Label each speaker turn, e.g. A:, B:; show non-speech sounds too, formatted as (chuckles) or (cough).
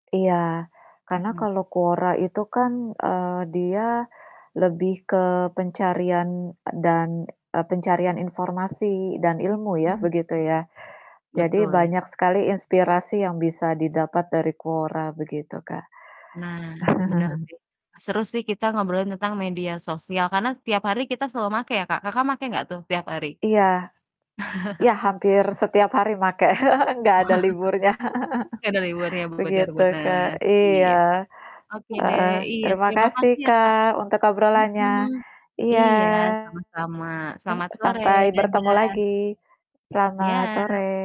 A: Iya, karena
B: Mhm.
A: kalau Quora itu kan, eee, dia lebih ke pencarian e dan eee, pencarian informasi dan ilmu, ya,
B: Mmm, mhm.
A: begitu, ya. Jadi,
B: Betul, ya, mhm.
A: banyak sekali inspirasi yang bisa didapat dari Quora, begitu, Kak.
B: Nah, bener
A: (chuckles)
B: sih, seru sih kita ngobrolin tentang media sosial karena setiap hari kita selalu make ya, Kak. Kakak, make enggak tuh tiap hari?
A: Iya. Ya,
B: (chuckles)
A: hampir setiap hari make. (chuckles) Enggak ada liburnya.
B: (chuckles) Ya, dari luarnya
A: (chuckles)
B: benar
A: Begitu, Kak,
B: benar, iya.
A: iya,
B: Oke deh,
A: heeh.
B: iya
A: Terima
B: terima kasih
A: kasih,
B: ya, Kak.
A: Kak, untuk
B: Mhm,
A: obrolannya. Iya,
B: iya, sama-sama, selamat sore,
A: sampai bertemu
B: dadah.
A: lagi. Selamat
B: Iya.
A: sore.